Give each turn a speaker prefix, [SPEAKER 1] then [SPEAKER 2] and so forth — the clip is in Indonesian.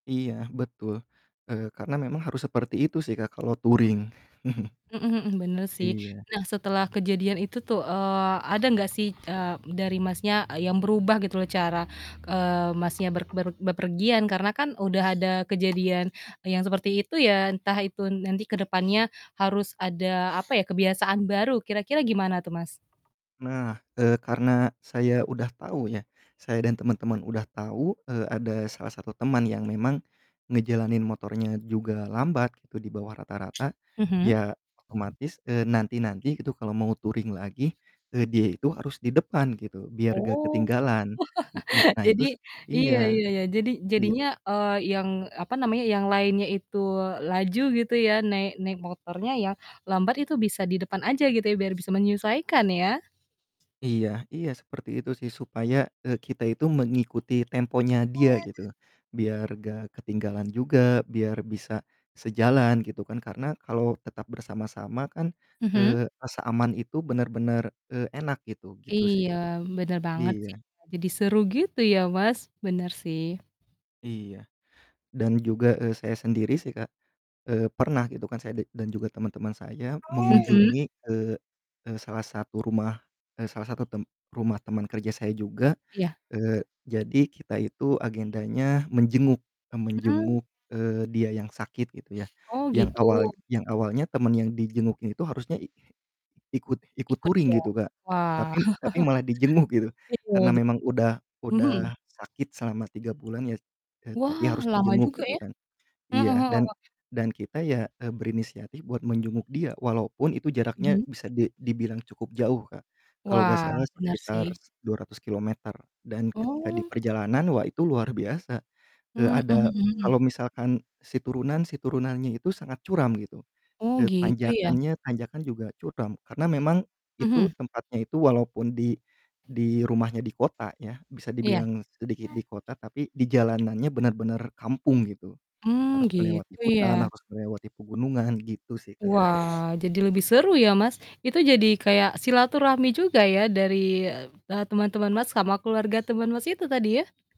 [SPEAKER 1] Iya betul. Eee, karena memang harus seperti itu sih Kak kalau
[SPEAKER 2] M
[SPEAKER 1] touring.
[SPEAKER 2] mhm mhm, bener sih.
[SPEAKER 1] Iya.
[SPEAKER 2] Nah setelah kejadian itu tuh, eee, ada nggak sih, eee, dari Masnya, e yang berubah gitu loh cara, eee, Masnya ber ber berpergian karena kan udah ada kejadian, e yang seperti itu ya entah itu nanti ke depannya harus ada apa ya, kebiasaan baru, kira-kira gimana tuh, Mas?
[SPEAKER 1] Nah, eee, karena saya udah tahu ya saya dan teman-teman udah tahu, eee, ada salah satu teman yang memang ngejalanin motornya juga lambat gitu di bawah rata-rata,
[SPEAKER 2] Mhm.
[SPEAKER 1] ya otomatis, eee, nanti-nanti itu kalo mau touring lagi, eee, dia itu harus di depan gitu biar gak
[SPEAKER 2] Oh.
[SPEAKER 1] ketinggalan. N na nah
[SPEAKER 2] jadi
[SPEAKER 1] itu
[SPEAKER 2] iya
[SPEAKER 1] iya,
[SPEAKER 2] iya iya. Jadi
[SPEAKER 1] iya.
[SPEAKER 2] jadinya, eee, yang apa namanya yang lainnya itu laju gitu ya naik naik motornya ya lambat itu bisa di depan aja gitu ya biar bisa menyesuaikan ya.
[SPEAKER 1] Iya iya seperti itu sih supaya, eee, kita itu mengikuti temponya dia gitu, biar gak ketinggalan juga, biar bisa sejalan gitu kan, karena kalau tetap bersama-sama kan,
[SPEAKER 2] Mhm.
[SPEAKER 1] eee, rasa aman itu bener-bener, eee, enak gitu, gitu sih,
[SPEAKER 2] Iya,
[SPEAKER 1] Kak.
[SPEAKER 2] bener banget
[SPEAKER 1] Iya.
[SPEAKER 2] sih. Jadi seru gitu ya Mas, bener sih.
[SPEAKER 1] Iya. Dan juga, eee, saya sendiri sih Kak, eee, pernah gitu kan saya da dan juga teman-teman saya
[SPEAKER 2] Mhm.
[SPEAKER 1] mengunjungi, eee eee, salah satu rumah eee, salah satu tem rumah teman kerja saya juga,
[SPEAKER 2] Iya.
[SPEAKER 1] eee, jadi kita itu agendanya menjenguk, eee,
[SPEAKER 2] Mmm.
[SPEAKER 1] menjenguk, eee, dia yang sakit gitu ya.
[SPEAKER 2] Oh,
[SPEAKER 1] Yang
[SPEAKER 2] gitu?
[SPEAKER 1] awal yang awalnya temen yang dijenguknya itu harusnya i ikut ikut
[SPEAKER 2] Ikut
[SPEAKER 1] touring
[SPEAKER 2] dia.
[SPEAKER 1] gitu, Kak.
[SPEAKER 2] Wah
[SPEAKER 1] Tapi tapi malah dijenguk gitu.
[SPEAKER 2] iya
[SPEAKER 1] Karena
[SPEAKER 2] jep
[SPEAKER 1] memang udah
[SPEAKER 2] mhm.
[SPEAKER 1] udah sakit selama 3 bulan ya, e tapi
[SPEAKER 2] Wah
[SPEAKER 1] harus
[SPEAKER 2] lama
[SPEAKER 1] dijenguk
[SPEAKER 2] juga
[SPEAKER 1] gitu
[SPEAKER 2] ya.
[SPEAKER 1] kan,
[SPEAKER 2] Mhm
[SPEAKER 1] iya. Dan
[SPEAKER 2] mhm.
[SPEAKER 1] dan kita ya, e berinisiatif buat menjenguk dia walaupun itu jaraknya
[SPEAKER 2] Mhm.
[SPEAKER 1] bisa di dibilang cukup jauh, Kak. Kalau gak
[SPEAKER 2] Wah,
[SPEAKER 1] salah
[SPEAKER 2] bener
[SPEAKER 1] sekitar
[SPEAKER 2] sih.
[SPEAKER 1] 200 kilometer dan ketika
[SPEAKER 2] Oh.
[SPEAKER 1] diperjalanan, wah itu luar biasa, eee,
[SPEAKER 2] Mmm, mhm
[SPEAKER 1] ada kalau
[SPEAKER 2] mhm.
[SPEAKER 1] misalkan si turunan si turunannya itu sangat curam gitu,
[SPEAKER 2] Oh
[SPEAKER 1] e
[SPEAKER 2] gitu ya?
[SPEAKER 1] tanjakannya, tanjakan juga curam. Karena memang itu
[SPEAKER 2] Mhm.
[SPEAKER 1] tempatnya itu walaupun di di rumahnya di kota ya, bisa
[SPEAKER 2] Iya.
[SPEAKER 1] dibilang sedikit di kota, tapi di jalanannya bener-bener kampung gitu.
[SPEAKER 2] Mmm,
[SPEAKER 1] Harus melewati
[SPEAKER 2] gitu
[SPEAKER 1] hutan,
[SPEAKER 2] ya?
[SPEAKER 1] harus melewati pegunungan, gitu sih, Kak.
[SPEAKER 2] Wah, jadi lebih seru ya Mas. Itu jadi kayak silaturahmi juga ya dari, e eee, teman-teman Mas sama keluarga teman Mas itu tadi ya?